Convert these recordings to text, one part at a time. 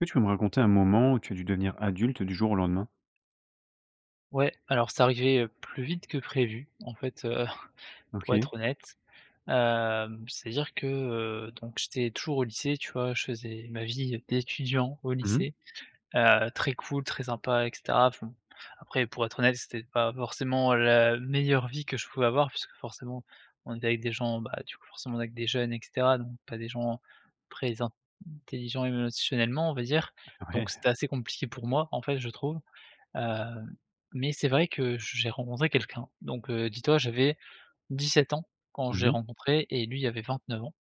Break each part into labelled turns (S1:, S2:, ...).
S1: Est-ce que tu peux me raconter un moment où tu as dû devenir adulte du jour au lendemain?
S2: Ouais, alors c'est arrivé, heu, plus vite que prévu en fait, heu, pour
S1: OK.
S2: être honnête. Hem, c'est-à-dire que, heu, donc j'étais toujours au lycée, tu vois? Je faisais ma vie d'étudiant au
S1: Mmh mh.
S2: lycée. Heu, très cool, très sympa et cetera, enfin. Après, pour être honnête, c'était pas forcément la meilleure vie que je pouvais avoir puisque, forcément, on est avec des gens, bah, du coup, forcément avec des jeunes et cetera, donc pas des gens, très intelligents émotionnellement, on va dire. Donc
S1: Ouais.
S2: c'était assez compliqué pour moi, en fait, je trouve. Heu, mais c'est vrai que je j'ai rencontré quelqu'un. Donc, heu, dis-toi, j'avais 17 ans quand je
S1: Mmm
S2: l'ai
S1: mh.
S2: rencontré et lui avait 29 ans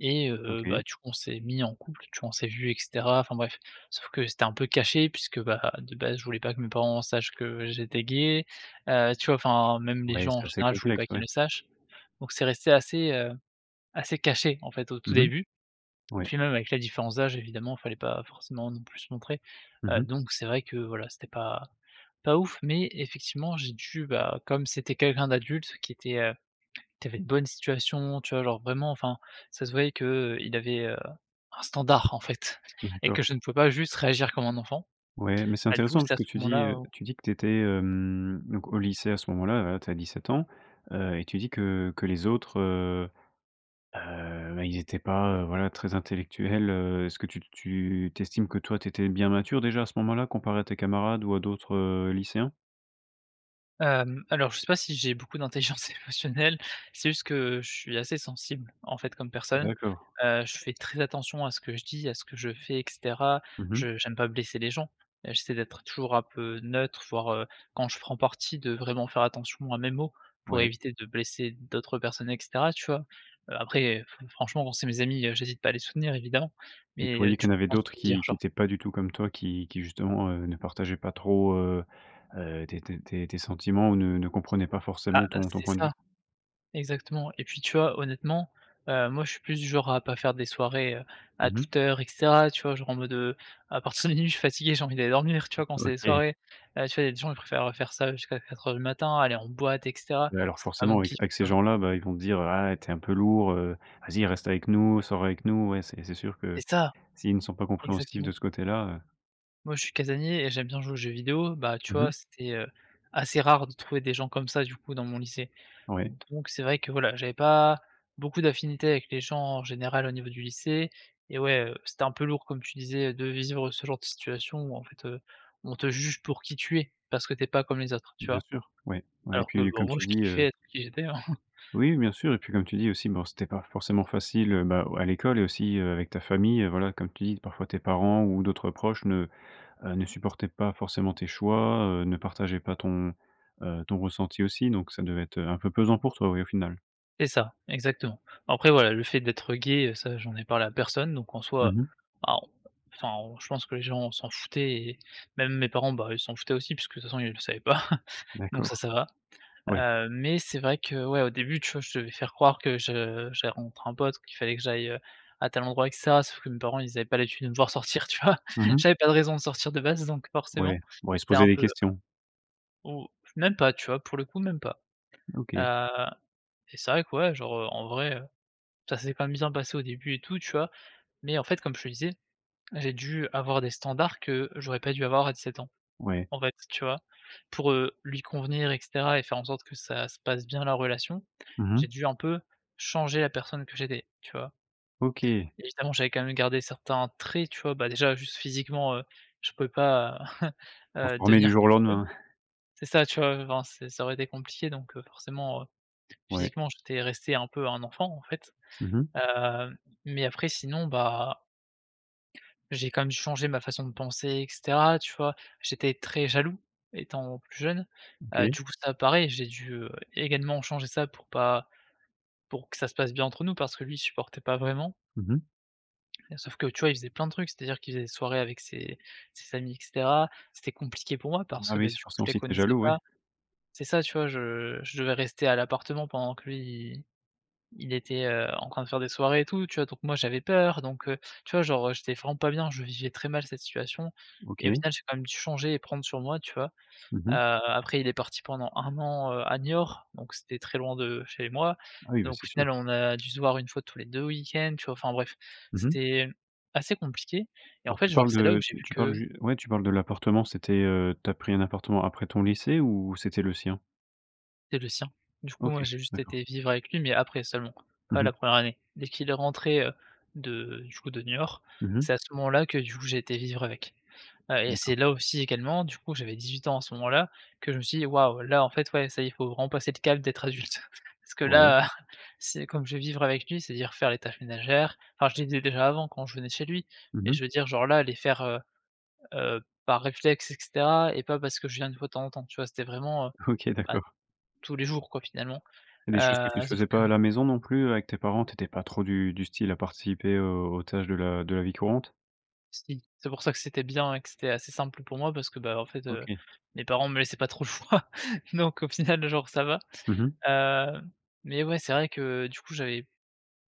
S2: et heu,
S1: OK.
S2: bah, du coup, on s'est mis en couple, tu vois? On s'est vus, et cetera. Enfin bref, sauf que c'était un peu caché puisque, bah, de base, je voulais pas que mes parents sachent que j'étais gay. Heu, tu vois, enfin, même les
S1: Ouais,
S2: gens
S1: c'est
S2: en
S1: assez
S2: général, je voulais
S1: complexe,
S2: pas qu'ils
S1: ouais.
S2: le sachent. Donc c'est resté assez, heu, assez caché, en fait, au tout
S1: Mmh mh.
S2: début. Et
S1: Oui.
S2: puis, même avec la différence d'âge, évidemment, fallait pas forcément non plus se montrer.
S1: Mmh
S2: Heu,
S1: mh.
S2: donc c'est vrai que voilà, c'était pas pas ouf mais effectivement j'ai dû, bah, comme c'était quelqu'un d'adulte qui était, heu qui avait une bonne situation, tu vois? Genre, vraiment, enfin, ça se voyait qu'il avait, heu, un standard, en fait. Et que
S1: D'accord.
S2: je ne pouvais pas juste réagir comme un enfant.
S1: Ouais, mais c'est
S2: Bah, du coup
S1: intéressant
S2: c'est
S1: parce
S2: à
S1: que
S2: ce
S1: tu
S2: moment
S1: dis,
S2: là
S1: heu,
S2: où
S1: tu dis que tu étais, hem, donc, au lycée à ce moment-là, heu, tu as 17 ans. Heu, et tu dis que que les autres, heu, heu, bah, ils étaient pas, heu, voilà, très intellectuels, heu. Est-ce que tu tu tu estimes que toi, tu étais bien mature déjà à ce moment-là, comparé à tes camarades ou à d'autres, heu, lycéens?
S2: Hem, alors je sais pas si j'ai beaucoup d'intelligence émotionnelle, c'est juste que je suis assez sensible, en fait, comme personne.
S1: D'accord.
S2: Heu, je fais très attention à ce que je dis, à ce que je fais, et cetera.
S1: Mmh mh.
S2: Je j'aime pas blesser les gens. Et j'essaie d'être toujours un peu neutre, voire, heu, quand je prends parti de vraiment faire attention à mes mots. Pour
S1: Ouais.
S2: éviter de blesser d'autres personnes et cetera, tu vois? Heu, après, fre franchement, c'est mes amis, heu, j'hésite pas à les soutenir, évidemment,
S1: Mais tu
S2: mais, heu,
S1: voyais
S2: tu
S1: qu'il y en avait
S2: penses
S1: d'autres
S2: tout dire,
S1: qui qui
S2: genre.
S1: étaient pas du tout comme toi? Qui qui, justement, heu, ne partageaient pas trop, heu heu, tes tes tes tes sentiments ou ne ne comprenaient pas
S2: Bah,
S1: forcément
S2: heu,
S1: ton ton
S2: c'est
S1: point de
S2: ça.
S1: vue?
S2: Exactement, et puis, tu vois, honnêtement, heu, moi je suis plus genre à pas faire des soirées, heu, à
S1: Mmh mh.
S2: toute heure et cetera, tu vois? Genre, en mode, heu, à partir de minuit je suis fatigué, j'ai envie d'aller dormir, tu vois? Quand c'est des
S1: OK.
S2: soirées, heu, tu vois, les gens ils préfèrent, heu, faire ça jusqu'à 4:00 du matin, aller en boîte et cetera.
S1: Alors,
S2: C'est pas
S1: forcément,
S2: mon
S1: avec
S2: kiff,
S1: avec
S2: tu
S1: ces
S2: vois?
S1: gens-là, bah, ils vont dire: «Ah, et tu es un peu lourd, heu. Vas-y reste avec nous, sors avec nous», ouais, c'est c'est sûr que
S2: C'est ça!
S1: s'ils ne sont pas compréhensifs
S2: Exactement.
S1: de ce côté-là, heu
S2: Moi je suis casanier et j'aime bien jouer aux jeux vidéo, bah, tu
S1: Mmh
S2: vois,
S1: mh.
S2: c'était, heu, assez rare de trouver des gens comme ça, du coup, dans mon lycée.
S1: Ouais.
S2: Donc c'est vrai que voilà, j'avais pas beaucoup d'affinités avec les gens, en général, au niveau du lycée. Et ouais, heu, c'était un peu lourd comme tu disais, de vivre ce genre de situation où en fait, heu, on te juge pour qui tu es. Parce que tu es pas comme les autres, tu
S1: Bien
S2: vois?
S1: sûr, ouais. Ouais, et
S2: Alors que,
S1: puis
S2: bah,
S1: comme
S2: moi
S1: tu
S2: je
S1: dis, heu.
S2: kiffais être qui j'étais, hein.
S1: Oui, oui, bien sûr. Et puis comme tu dis aussi, bah, c'était pas forcément facile, heu, bah, à l'école et aussi, heu, avec ta famille, heu, voilà, comme tu dis, parfois tes parents ou d'autres proches ne, heu, ne supportaient pas forcément tes choix. Heu, ne partageaient pas ton, heu, ton ressenti aussi donc ça devait être un peu pesant pour toi, oui, au final.
S2: C'est ça, exactement. Après voilà, le fait d'être gay, heu, ça, j'en ai parlé à personne, donc en
S1: Mmh
S2: soi,
S1: mh.
S2: bah, on enfin, on je pense que les gens s'en foutaient, et même mes parents, bah, ils s'en foutaient aussi puisque, de toute façon, ils le savaient pas. Donc ça,
S1: D'accord,
S2: ça va.
S1: oui.
S2: Heu, mais c'est vrai que ouais au début, tu vois, je devais faire croire que je j'avais rencontrer un pote, qu'il fallait que j'aille, à tel endroit, et cetera, sauf que mes parents, ils avaient pas l'habitude de me voir sortir, tu vois?
S1: Mmh mh.
S2: J'avais pas de raison de sortir de base, donc
S1: Ouais,
S2: forcément,
S1: bon, ils se
S2: c'était
S1: posaient
S2: un
S1: des
S2: peu
S1: questions.
S2: même pas, tu vois pour le coup, même pas.
S1: OK.
S2: Heu, et c'est vrai que ouais, genre, heu, en vrai, heu, ça s'est quand même bien passé au début et tout, tu vois? Mais en fait comme je te disais, j'ai dû avoir des standards que j'aurais pas dû avoir à 17 ans.
S1: Ouais.
S2: En fait, tu vois? Pour, heu, lui convenir, et cetera et faire en sorte que ça se passe bien la relation,
S1: Mmh
S2: j'ai
S1: mh.
S2: dû un peu changer la personne que j'étais, tu vois?
S1: OK.
S2: Évidemment, j'avais quand même gardé certains traits, tu vois? Bah, déjà juste physiquement, heu, je peux pas, heu, heu,
S1: Transformé du
S2: devenir
S1: jour au
S2: [unintelligible]
S1: lendemain.
S2: c'est ça, tu vois? Enfin, c'est ça aurait été compliqué, donc, heu, forcément, heu,
S1: Ouais.
S2: physiquement, j'étais resté un peu un enfant, en fait,
S1: Mmh mh.
S2: heu, mais après sinon, bah j'ai quand même changé ma façon de penser, et cetera, tu vois? J'étais très jaloux étant plus jeune. Heu,
S1: OK.
S2: du coup, ça pareil, j'ai dû, heu, également changer ça pour pas pour que ça se passe bien entre nous parce que lui, il supportait pas vraiment
S1: Mmh mh.
S2: et sauf que tu vois, il faisait plein de trucs. C'est-à-dire qu'il faisait des soirées avec ses ses amis, et cetera. C'était compliqué pour moi parce
S1: Bah,
S2: que, beh,
S1: oui, c'est
S2: du
S1: pour
S2: coup,
S1: ça
S2: je les
S1: aussi que tu es
S2: connaissais
S1: jaloux, ouais.
S2: pas. C'est ça, tu vois? Je je devais rester à l'appartement pendant que lui, il il était, heu, en train de faire des soirées et tout, tu vois? Donc moi j'avais peur, donc, heu, tu vois? Genre, heu, j'étais vraiment pas bien, je vivais très mal cette situation et au
S1: OK.
S2: final, j'ai quand même dû changer et prendre sur moi, tu vois?
S1: Mmh
S2: Heu,
S1: mh.
S2: après, il est parti pendant 1 an, heu, à Niort, donc c'était très loin de chez moi.
S1: Ah oui, bah,
S2: Donc au
S1: c'est sûr.
S2: final, on a dû se voir 1 fois tous les 2 week-ends, tu vois? Enfin bref,
S1: Mmh mh.
S2: c'était, hem, assez compliqué et en
S1: Alors,
S2: fait,
S1: tu
S2: genre
S1: parles
S2: c'est là où
S1: de
S2: j'ai
S1: tu
S2: vu
S1: tu parles
S2: que
S1: ju ouais, tu parles de l'appartement, c'était, heu, tu as pris un appartement après ton lycée ou c'était le sien?
S2: C'est le sien. Du coup,
S1: OK.
S2: moi, j'ai juste
S1: D'accord.
S2: été vivre avec lui, mais après seulement, pas
S1: Mmh
S2: la
S1: mh.
S2: 1re année. Dès qu'il est rentré, heu, de du coup de Niort,
S1: Mmh mh.
S2: c'est à ce moment-là que, du coup, j'ai été vivre avec. Heu, et
S1: D'accord.
S2: c'est là aussi également, du coup, j'avais 18 ans à ce moment-là que je me suis dit: «Waouh, là en fait ouais ça y est, faut vraiment passer le cap d'être adulte» parce que
S1: Ouais.
S2: là, c'est comme je vais vivre avec lui, c'est-à-dire faire les tâches ménagères. Enfin je les faisais déjà avant quand je venais chez lui,
S1: Mmh
S2: mais je
S1: mh.
S2: veux dire genre là, les faire, heu, heu, par réflexe, et cetera et pas parce que je viens, 1 fois de temps en temps, tu vois? C'était vraiment, heu,
S1: OK.
S2: bah,
S1: D'accord.
S2: tous les jours quoi finalement,
S1: C'est des choses que tu
S2: heu, sauf
S1: faisais
S2: que
S1: pas à la maison non plus, heu, avec tes parents? Tu étais pas trop du du style à participer aux aux tâches de la de la vie courante?
S2: Si. C'est pour ça que c'était bien et que c'était assez simple pour moi parce que, bah, en fait, heu,
S1: OK.
S2: mes parents me laissaient pas trop le choix. Donc au final, genre ça va.
S1: Mmh mh.
S2: Heu, mais ouais, c'est vrai que du coup, j'avais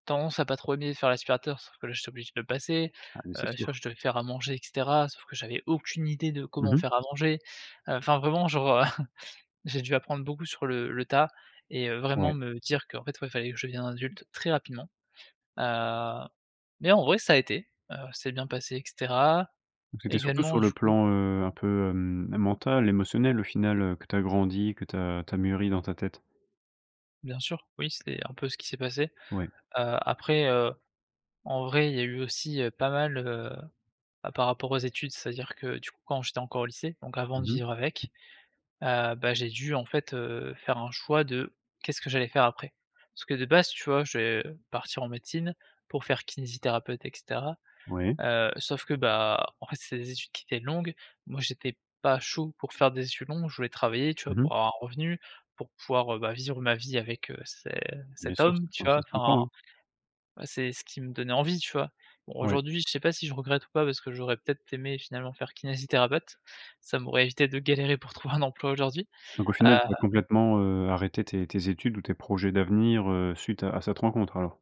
S2: tendance à pas trop aimer faire l'aspirateur, sauf que là, j'étais obligé de le passer.
S1: Ah, beh, c'est
S2: Heu, tu vois?
S1: sûr.
S2: Je devais faire à manger, et cetera, sauf que j'avais aucune idée de
S1: Mmh
S2: comment
S1: mh.
S2: faire à manger. Heu, enfin vraiment, genre heu, j'ai dû apprendre beaucoup sur le le tas et heu, vraiment
S1: Ouais.
S2: me dire qu'en fait, ouais, fallait que je devienne adulte très rapidement. Heu, mais en vrai ça a été, heu, ça s'est bien passé et cetera.
S1: Donc, c'était surtout
S2: Également
S1: sur le
S2: du coup
S1: plan, heu, un peu, hem, mental émotionnel au final, heu, que tu as grandi, que tu as tu as mûri dans ta tête?
S2: Bien sûr, oui c'est un peu ce qui s'est passé.
S1: Oui.
S2: Heu, après, heu, en vrai, il y a eu aussi, heu, pas mal, heu, bah, par rapport aux études. C'est-à-dire que du coup, quand j'étais encore au lycée, donc avant de
S1: Mmh mh.
S2: vivre avec, heu, bah, j'ai dû, en fait, heu, faire un choix de qu'est-ce que j'allais faire après. Parce que de base, tu vois? Je devais partir en médecine pour faire kinésithérapeute, et cetera.
S1: Ouais.
S2: Heu, sauf que, bah, en fait, c'était des études qui étaient longues. Moi, j'étais pas chaud pour faire des études longues, je voulais travailler, tu vois?
S1: Mmh mh.
S2: Pour avoir un revenu, pour pouvoir, heu, bah, vivre ma vie avec, heu, ce
S1: Bien
S2: cet
S1: sûr,
S2: homme, tu
S1: ça se
S2: vois?
S1: ça se comprend,
S2: Enfin,
S1: oui.
S2: bah, c'est ce qui me donnait envie, tu vois? Bon,
S1: Ouais.
S2: aujourd'hui je sais pas si je regrette ou pas parce que j'aurais peut-être aimé finalement faire kinésithérapeute, ça m'aurait évité de galérer pour trouver un emploi aujourd'hui.
S1: Donc au final,
S2: Heu
S1: tu as complètement, heu, arrêté tes tes études ou tes projets d'avenir, heu, suite à à cette rencontre alors?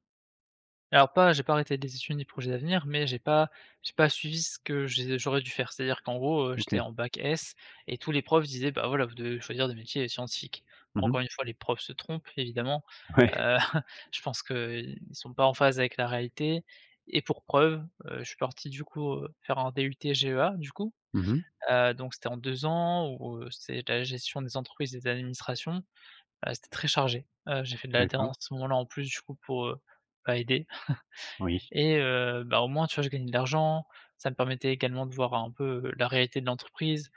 S2: Alors pas j'ai pas arrêté des études ni projets d'avenir mais, j'ai pas j'ai pas suivi ce que j'ai j'aurais dû faire. C'est-à-dire qu'en gros, heu, j'étais
S1: OK.
S2: en bac S et tous les profs disaient: «Bah, voilà, vous devez choisir des métiers scientifiques».
S1: Mmh mh.
S2: Encore une fois, les profs se trompent évidemment.
S1: Ouais.
S2: Heu, je pense qu'ils sont pas en phase avec la réalité et pour preuve, heu, je suis parti du coup, heu, faire un DUT GEA, du coup.
S1: Mmh mh.
S2: Heu, donc, c'était en 2 ans où, heu, c'est la gestion des entreprises et des administrations. Bah, c'était très chargé. Heu, j'ai fait de
S1: D'accord.
S2: l'alternance à ce moment-là en plus du coup, pour, heu, bah, aider
S1: Oui.
S2: et heu, bah, au moins, tu vois? Je gagnais de l'argent, ça me permettait également de voir un peu la réalité de l'entreprise.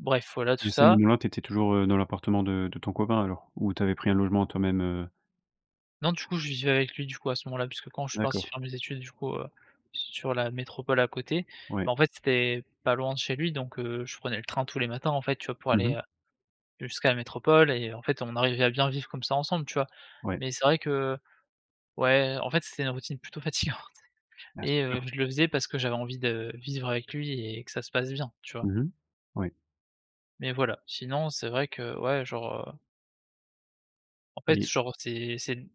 S2: Bref, voilà, tout
S1: Et à ce
S2: ça.
S1: moment là, tu étais toujours, heu, dans l'appartement de de ton copain alors? Ou tu avais pris un logement toi même, heu
S2: Non, du coup, je vivais avec lui, du coup, à ce moment-là. Puisque quand je suis parti
S1: D'accord.
S2: faire mes études, du coup, heu, sur la métropole à côté,
S1: Ouais.
S2: bah, en fait, c'est pas loin de chez lui. Donc, heu, je prenais le train tous les matins, en fait, tu vois? Pour
S1: Mmh
S2: aller,
S1: mh.
S2: heu, jusqu'à la métropole et heu, en fait, on arrivait à bien vivre comme ça ensemble, tu vois?
S1: Ouais.
S2: Mais c'est vrai que ouais, en fait, c'était une routine plutôt fatigante
S1: Ah, c'est
S2: et, heu,
S1: sûr!
S2: je le faisais parce que j'avais envie de vivre avec lui et que ça se passe bien, tu vois?
S1: Mmh mh, ouais.
S2: Mais voilà. Sinon c'est vrai que ouais genre, heu en fait
S1: Et
S2: genre c'est c'est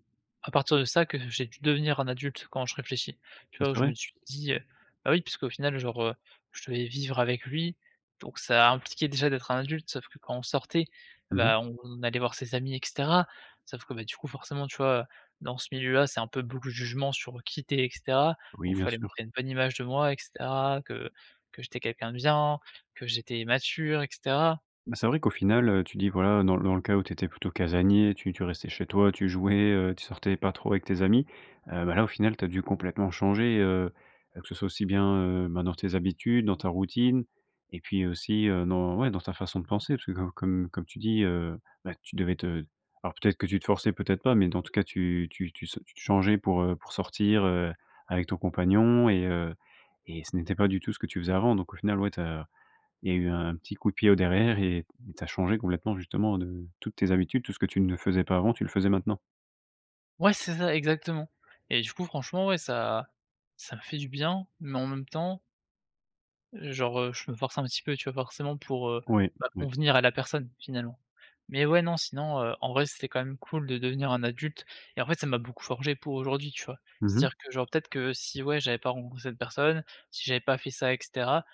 S2: à partir de ça que j'ai dû devenir un adulte, quand je réfléchis. Tu vois? Où je me
S1: Essaierai?
S2: suis dit, heu bah oui puisqu'au final genre, heu, je devais vivre avec lui, donc ça impliquait déjà d'être un adulte. Sauf que, quand on sortait, et
S1: Mmh mh.
S2: bah on on allait voir ses amis et cetera. Sauf que, bah, du coup, forcément, tu vois, heu, dans ce milieu-là, c'est un peu, beaucoup de jugement sur qui tu es et cetera. Donc,
S1: Oui,
S2: il
S1: bien
S2: fallait
S1: sûr.
S2: montrer une bonne image de moi, et cetera. Que que j'étais quelqu'un de bien, que j'étais mature, et cetera!
S1: Bah c'est vrai qu'au final, heu, tu dis, voilà, dans le dans le cas où tu étais plutôt casanier, tu tu restais chez toi, tu jouais, heu, tu sortais pas trop avec tes amis, heu, bah là, au final, tu as dû complètement changer, heu, heu, que ce soit aussi bien, heu, bah dans tes habitudes, dans ta routine et puis aussi, heu, dans ouais, dans ta façon de penser. Puisque comme comme comme tu dis, heu, bah, tu devais te alors peut être que tu te forçais peut être pas, mais dans tout cas, tu tu tu se tu te changeais pour, heu pour sortir, heu, avec ton compagnon et heu et ce n'était pas du tout ce que tu faisais avant. Donc au final, ouais, tu as il y a eu un petit coup de pied au derrière et tu as changé complètement. Justement, de toutes tes habitudes, tout ce que tu ne faisais pas avant, tu le faisais maintenant.
S2: Ouais, c'est ça exactement. Et du coup, franchement, ouais ça ça me fait du bien, mais en même temps genre heu je me force un petit peu, tu vois? Forcément pour heu
S1: Oui.
S2: bah
S1: Oui.
S2: convenir à la personne, finalement. Mais ouais, non, sinon heu, en vrai c'était quand même cool de devenir un adulte et en fait, ça m'a beaucoup forgé pour aujourd'hui, tu vois?
S1: Mmh mh.
S2: C'est-à-dire, que genre, peut-être que si, ouais, j'avais pas rencontré cette personne, si j'avais pas fait ça et cetera,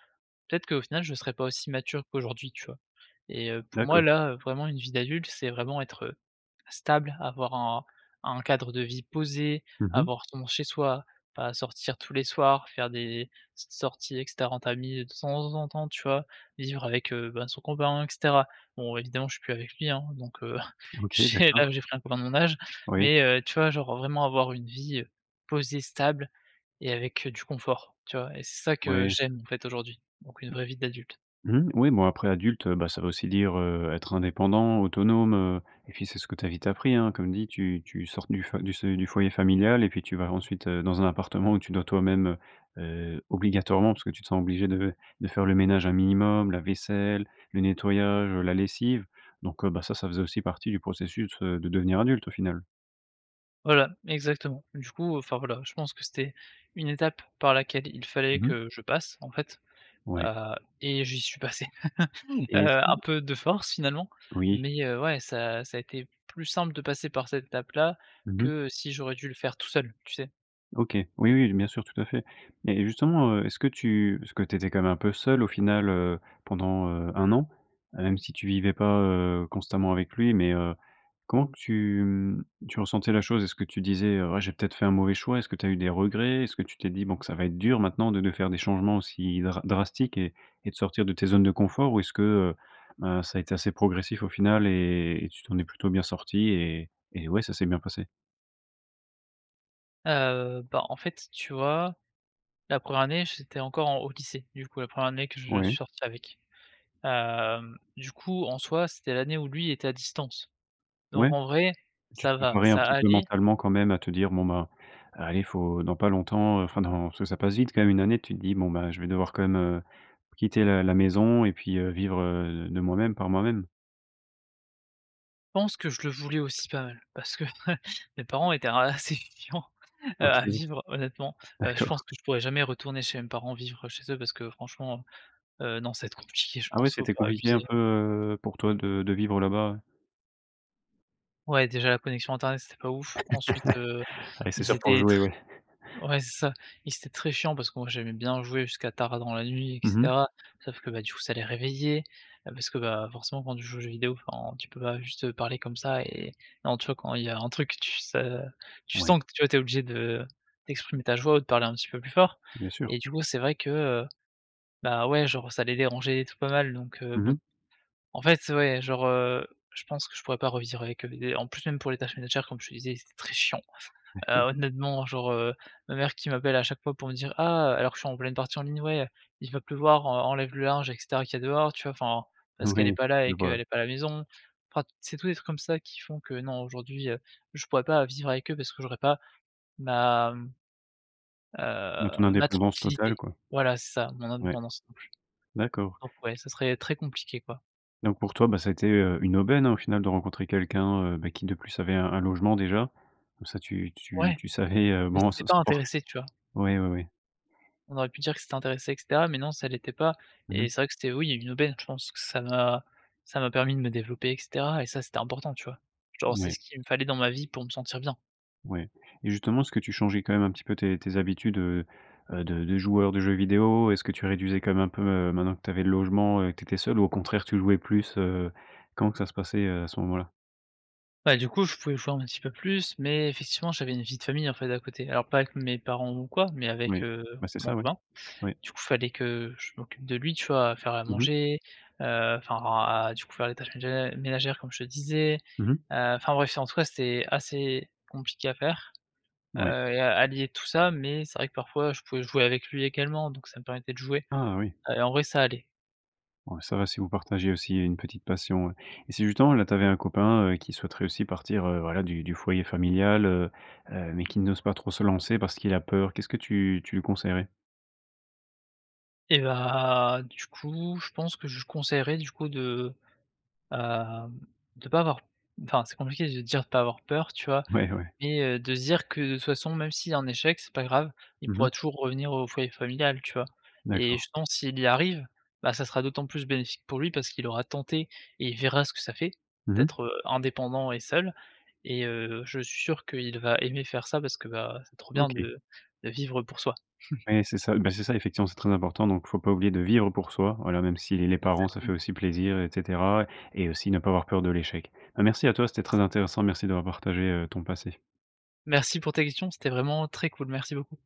S2: peut-être qu'au final je serais pas aussi mature qu'aujourd'hui, tu vois? Et heu pour moi,
S1: D'accord.
S2: là, vraiment, une vie d'adulte c'est vraiment être, heu, stable, avoir un un cadre de vie posé,
S1: Mmh mh.
S2: avoir ton chez-soi, pas sortir tous les soirs, faire des petites sorties, et cetera, en famille, de temps en temps, tu vois? Vivre avec, heu, ben son copain, et cetera. Bon, évidemment, je suis plus avec lui, hein donc heu,
S1: OK,
S2: ch
S1: d'accord.
S2: là, j'ai pris un copain de mon âge,
S1: Oui.
S2: mais heu, tu vois, genre vraiment avoir une vie heu, posée, stable et avec, heu, du confort, tu vois? Et c'est ça, que
S1: Oui.
S2: j'aime, en fait, aujourd'hui, donc une vraie vie d'adulte.
S1: Mmh mh, oui, bon, après, adulte, heu, bah, ça veut aussi dire heu, être indépendant, autonome heu, et puis, c'est ce que tu as vite appris, hein. Comme dit, tu tu sors du du se du foyer familial et puis tu vas ensuite, heu, dans un appartement où tu dois toi-même heu, heu, obligatoirement, parce que tu te sens obligé de de faire le ménage un minimum, la vaisselle, le nettoyage, heu la lessive. Donc, heu, bah ça, ça faisait aussi partie du processus, heu, de devenir adulte, au final.
S2: Voilà. Exactement, du coup enfin, voilà, je pense que c'était une étape par laquelle il fallait
S1: Mmh mh.
S2: que je passe, en fait.
S1: Ouais.
S2: Heu, et j'y suis passé heu
S1: Et, est-ce
S2: un
S1: que
S2: peu de force, finalement.
S1: Oui.
S2: Mais heu, ouais, ça ça a été plus simple de passer par cette étape-là,
S1: Mmh mh.
S2: que si j'aurais dû le faire tout seul, tu sais?
S1: OK. Oui, oui, bien sûr, tout à fait. Mais justement, heu, est-ce que tu parce que tu étais quand même un peu seul, au final, heu, pendant heu, un an? Même si tu vivais pas, heu, constamment avec lui, mais heu, comment tu mmh, tu ressentais la chose? Est-ce que tu disais: «Ouais, j'ai peut-être fait un mauvais choix»? Est-ce que tu as eu des regrets? Est-ce que tu t'es dit, bon que ça va être dur maintenant de de faire des changements aussi dra drastiques et et de sortir de tes zones de confort? Ou est-ce que heu, heu, ça a été assez progressif, au final, et tu t'en es plutôt bien sorti, et et ouais, ça s'est bien passé?
S2: Heu, bah, en fait, tu vois, la première année, j'étais encore, en au lycée, du coup, la première année que je suis
S1: Ouais.
S2: sorti avec. Hem, du coup, en soi, c'était l'année où lui, était à distance. Donc
S1: Ouais?
S2: en vrai,
S1: Tu te
S2: ça va,
S1: préparais un
S2: ça
S1: petit peu
S2: allait.
S1: mentalement, quand même à te dire: «Bon ben, allez, il faut dans pas longtemps, heu, enfin dans», parce que ça passe vite quand même une année, tu te dis: «Bon, ben je vais devoir quand même, heu, quitter la la maison et puis, heu vivre, heu, de moi-même, par moi-même».
S2: Je pense que je le voulais aussi pas mal. Parce que mes parents étaient assez chiants heu
S1: OK.
S2: à vivre honnêtement. Heu, je pense
S1: D'accord.
S2: que je pourrais jamais retourner chez mes parents vivre chez eux parce que franchement heu, non, ça va être compliqué, je
S1: Ah ouais,
S2: pense, faut
S1: c'était
S2: pas
S1: compliqué
S2: abuser.
S1: un peu, heu, pour toi, de de vivre là-bas, ouais?
S2: Ouais, déjà, la connexion internet, c'était pas ouf. Ensuite, heu,
S1: Oui c'est
S2: ils
S1: sûr pour
S2: étaient tr
S1: jouer, oui.
S2: ouais, c'est ça. Ils étaient très chiants parce que moi, j'aimais bien jouer jusqu'à tard dans la nuit, et
S1: Mmh mh.
S2: cetera, sauf que, bah, du coup, ça les réveillait, heu, parce que, bah, forcément, quand tu joues aux jeux vidéo, enfin, tu peux pas juste, heu, parler comme ça et en tu vois, quand il y a un truc, tu s heu, tu
S1: Ouais.
S2: sens que, tu vois, tu es obligé de d'exprimer ta joie ou de parler un petit peu plus fort
S1: Bien sûr.
S2: et du coup c'est vrai que, heu, bah, ouais, genre, ça les dérangeait et tout pas mal donc, heu,
S1: Mmh mh.
S2: bon, en fait, ouais, genre, heu, je pense que je pourrais pas revivre avec eux, des en plus, même pour les tâches ménagères comme je te disais ils étaient très chiant. Heu,
S1: D'accord.
S2: honnêtement, genre, heu, ma mère qui m'appelle à chaque fois pour me dire: «Ah» alors que je suis en pleine partie en ligne, «ouais, il va pleuvoir, en enlève le linge, et cetera qui a dehors», tu vois? Enfin parce qu'elle est
S1: Oui,
S2: pas là
S1: je
S2: et
S1: vois.
S2: qu'elle est pas à la maison. Enfin, c'est tout des trucs comme ça qui font que non, aujourd'hui, heu, je pourrais pas vivre avec eux parce que j'aurais pas ma, mmh,
S1: Bah, ton
S2: heu, ma
S1: indépendance
S2: tranquillité.
S1: totale, quoi.
S2: Voilà c'est ça, mon
S1: Ouais,
S2: indépendance non plus.
S1: d'accord.
S2: Donc ouais, ça serait très compliqué, quoi.
S1: Donc, pour toi, bah ça a été, heu, une aubaine, hein, au final de rencontrer quelqu'un, heu, bah, qui de plus, avait un un logement déjà. Comme ça, tu tu
S2: Ouais,
S1: tu savais, heu,
S2: mais
S1: bon
S2: c'était
S1: ça ça
S2: pas
S1: dure
S2: intéressé, tu vois?
S1: oui, oui oui.
S2: On aurait pu dire que c'était intéressé, et cetera, mais non, ça l'était pas
S1: Mmh mh.
S2: et c'est vrai que c'était, oui, une aubaine. Je pense que ça m'a ça m'a permis de me développer, et cetera et ça, c'était important, tu vois? Genre, c'est
S1: Ouais.
S2: ce qu'il me fallait dans ma vie pour me sentir bien.
S1: Ouais et justement, est-ce que tu changeais quand même un petit peu tes tes habitudes, heu, heu, de de joueur de jeux vidéo? Est-ce que tu réduisais quand même un peu, heu, maintenant que tu avais le logement et que tu étais seul ou au contraire, tu jouais plus, heu? Comment que ça se passait à ce moment-là?
S2: Bah, du coup, je pouvais [unintelligible] un petit peu plus, mais effectivement, j'avais une vie de famille en fait à côté. Alors pas avec mes parents ou quoi, mais avec,
S1: Oui.
S2: heu,
S1: Bah, c'est
S2: mon
S1: ça, oui.
S2: copain.
S1: Oui.
S2: Du coup, il fallait que je m'occupe de lui, tu vois? À faire à
S1: Mmh mh.
S2: manger, heu, enfin à du coup faire les tâches mé ménagères comme je te disais.
S1: Mmh mh.
S2: Heu, enfin bref, en tout cas, c'était assez compliqué à faire, heu,
S1: Ouais.
S2: et à allier tout ça mais c'est vrai que parfois je pouvais jouer avec lui également donc ça me permettait de jouer
S1: Ah oui.
S2: et en vrai ça allait.
S1: Ouais, ça va si vous partagez aussi il y a une petite passion. Et si justement, là tu avais un copain, heu, qui souhaiterait aussi partir, heu, voilà du du foyer familial, heu, heu, mais qui n'ose pas trop se lancer parce qu'il a peur. Qu'est-ce que tu tu lui conseillerais?
S2: Et bah, du coup je pense que je lui conseillerais du coup de, hem, de pas avoir enfin c'est compliqué de dire, de pas avoir peur, tu vois?
S1: Ouais, ouais.
S2: Mais, heu, de se dire, que de toute façon même s'il y a un échec c'est pas grave. Il
S1: Mmh mh.
S2: pourra toujours revenir au foyer familial, tu vois? Et
S1: D'accord.
S2: je pense s'il y arrive, bah, ça sera d'autant plus bénéfique pour lui parce qu'il aura tenté et il verra ce que ça fait
S1: Mmh mh.
S2: d'être, heu, indépendant et seul, et, heu, je suis sûr qu'il va aimer faire ça parce que, bah, c'est trop bien
S1: OK.
S2: de de vivre pour soi.
S1: Ouais c'est ça, bah, c'est ça effectivement c'est très important, donc il faut pas oublier de vivre pour soi, voilà même si les parents ça fait
S2: Exactement.
S1: aussi plaisir et cetera, et aussi ne pas avoir peur de l'échec. Bah, merci à toi, c'était très intéressant, merci d'avoir partagé, heu, ton passé.
S2: Merci pour tes questions, c'était vraiment très cool. Merci beaucoup.